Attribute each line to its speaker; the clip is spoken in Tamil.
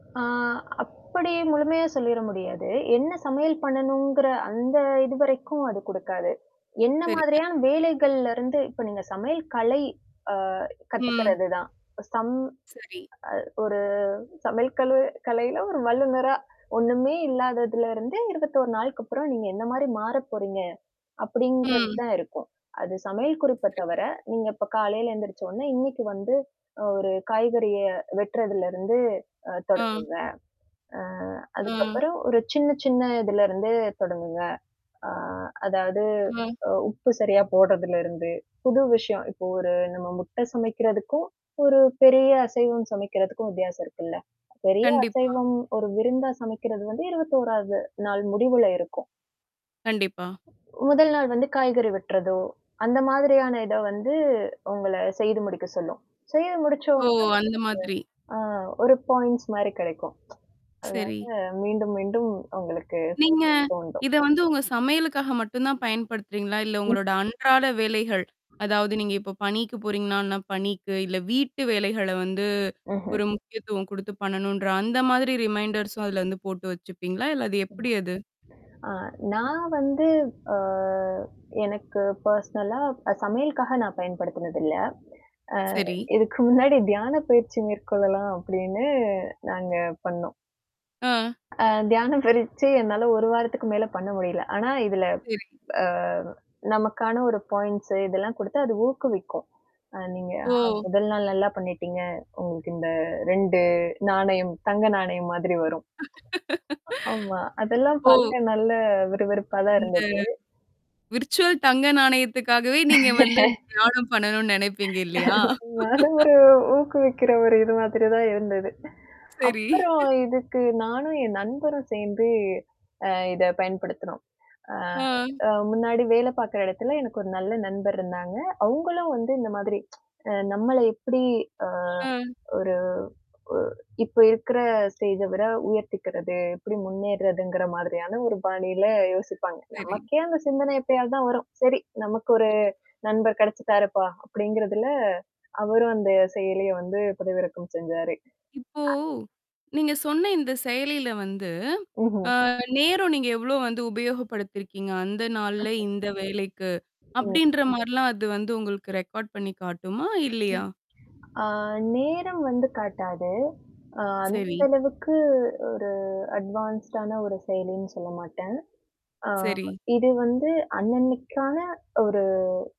Speaker 1: ஆ, அப்படி முழுமையா சொல்லிட முடியாது. என்ன சமையல் பண்ணணும்ங்கிற அந்த இதுவரைக்கும் அது கொடுக்காது. என்ன
Speaker 2: சரிங்க.
Speaker 1: மாதிரியான வேலைகள்ல இருந்து இப்ப நீங்க சமையல் கலை, அ
Speaker 2: ம்.
Speaker 1: கத்துக்கிறதுதான். சம்
Speaker 2: சரி.
Speaker 1: அ, ஒரு சமையல் கழு கலையில ஒரு வல்லுநரா ஒண்ணுமே இல்லாததுல இருந்து 21 நாளுக்கு அப்புறம் நீங்க என்ன மாரி மாறப் போறீங்க
Speaker 2: ம்.
Speaker 1: அப்படிங்கிறதுதான் இருக்கும். அது சமையல் குறிப்பைத் தவிர,
Speaker 2: [unintelligible]
Speaker 1: நீங்க இப்ப காலையில எந்திரிச்ச உடனே இன்னைக்கு வந்து ஒரு காய்கறியை வெட்டுறதுல இருந்து, அ
Speaker 2: அ.
Speaker 1: தொடங்குங்க. அ.
Speaker 2: அ.
Speaker 1: அதுக்கப்புறம் ஒரு சின்னச் சின்ன இதுல இருந்து தொடங்குங்க. அ. அதாவது
Speaker 2: அ.
Speaker 1: உப்பு சரியா போடுறதுல இருந்து, புது விஷயம், இப்போ ஒரு நம்ம முட்டை சமைக்கிறதுக்கும் ஒரு பெரிய அசைவம் சமைக்கிறதுக்கும் வித்தியாசம் இருக்குல்ல. பெரிய
Speaker 2: கண்டிப்பா.
Speaker 1: அசைவம் ஒரு விருந்தாச் சமைக்கிறது வந்து 21-வது நாள் முடிவுல இருக்கும்.
Speaker 2: கண்டிப்பா.
Speaker 1: முதல் நாள் வந்து காய்கறி வெட்டுறதோ அந்த மாதிரியான இதை வந்து உங்களைச் செய்து முடிக்கச் சொல்லும். செய்து முடிச்ச
Speaker 2: ஓ!
Speaker 1: உடனே
Speaker 2: அந்த மாதிரி.
Speaker 1: ஆ, ஒரு பாயிண்ட்ஸ் மாதிரி கிடைக்கும். அதனால
Speaker 2: சரி.
Speaker 1: மீண்டும் மீண்டும் உங்களுக்குச் செய்யத்
Speaker 2: நீங்க,
Speaker 1: தூண்டும்.
Speaker 2: இதை வந்து உங்க சமையலுக்காக மட்டும் தான் பயன்படுத்துறீங்களா? இல்லை
Speaker 1: ம்.
Speaker 2: உங்களோட அன்றாட வேலைகள், அதாவது நீங்க இப்ப பணிக்குப் போறீங்கன்னா பணிக்கு, இல்லை வீட்டு வேலைகளை வந்து
Speaker 1: ம்ஹ்ம்.
Speaker 2: ஒரு முக்கியத்துவம் கொடுத்துப் பண்ணணுங்கிற அந்த மாதிரி ரிமைண்டர்ஸும் அதுல வந்து போட்டு வெச்சுப்பீங்களா? இல்லை அது எப்படி அது?
Speaker 1: ஆ, நான் வந்து அ. எனக்குப் பர்சனலா சமையலுக்காக நான் பயன்படுத்தினது இல்ல. அ.
Speaker 2: சரி.
Speaker 1: இதுக்கு முன்னாடி தியானப் பயிற்சி மேற்கொள்ளலாம் அப்படின்னு நாங்க பண்ணோம்.
Speaker 2: ஆ.
Speaker 1: அ. தியானப் பயிற்சி என்னால ஒரு வாரத்துக்கு மேல பண்ண முடியலை. ஆனா இதுல
Speaker 2: சரி.
Speaker 1: அ. நமக்கான ஒரு பாயிண்ட்ஸ் இதெல்லாம் கொடுத்து அது ஊக்குவிக்கும். நீங்க
Speaker 2: ஓ!
Speaker 1: முதல் நாள் நல்லாப் பண்ணிட்டீங்க, உங்களுக்கு இந்த 2 நாணயம் தங்க நாணயம் மாதிரி வரும். அ ஆமா, அதெல்லாம்
Speaker 2: ஓ.
Speaker 1: பார்க்க நல்ல விறுவிறுப்பாதான்
Speaker 2: அந்த
Speaker 1: இருந்தது.
Speaker 2: விர்ச்சுவல் தங்க நாணயத்துக்காகவே நீங்க வந்து அந்தத் தியானம் பண்ணணும்னு நினைப்பீங்க இல்லையா?
Speaker 1: நானும், ஒரு ஊக்குவிக்கிற ஒரு இது மாதிரிதான் இருந்தது.
Speaker 2: சரி.
Speaker 1: அப்புறம் இதுக்கு நானும் என் நண்பரும் சேர்ந்து இதைப் பயன்படுத்தினோம். அ.
Speaker 2: அ.
Speaker 1: முன்னாடி வேலை பார்க்கிற இடத்துல எனக்கு ஒரு நல்ல நண்பர் இருந்தாங்க. அவங்களும் வந்து இந்த மாதிரி நம்மளை எப்படி அ.
Speaker 2: அ.
Speaker 1: ஒரு இப்போ இருக்கிற ஸ்டேஜை விட உயர்த்திக்கிறது, எப்படி முன்னேறதுங்கிற மாதிரியான ஒரு பாணியில யோசிப்பாங்க.
Speaker 2: சரி.
Speaker 1: நமக்கே அந்தச் சிந்தனை எப்பயாதான் வரும், "சரி நமக்கு ஒரு
Speaker 2: [unintelligible]
Speaker 1: நண்பர் கிடைச்சிட்டாரப்பா" அப்படிங்கிறதுல அவரும் அந்தச் செயலியை வந்து பதிவிறக்கம் செஞ்சாரு.
Speaker 2: இப்போ
Speaker 1: அ.
Speaker 2: நீங்க சொன்ன இந்தச் செயலில வந்து
Speaker 1: ம்ஹ்ம்.
Speaker 2: அ. நேரம் நீங்க எவ்வளவு வந்து உபயோகப்படுத்தி இருக்கீங்க, அந்த நாள்ல இந்த வேலைக்கு
Speaker 1: ம்.
Speaker 2: அப்படின்ற மாதிரி எல்லாம் அது வந்து உங்களுக்கு ரெக்கார்ட் பண்ணிக் காட்டுமா இல்லையா?
Speaker 1: ம். ஆ. நேரம் வந்து காட்டாது. அ. அந்த
Speaker 2: சரி.
Speaker 1: அளவுக்கு ஒரு அட்வான்ஸ்டான ஒரு செயலின்னு சொல்லமாட்டேன். ஆ.
Speaker 2: சரி.
Speaker 1: இது வந்து அன்னன்னைக்கான ஒரு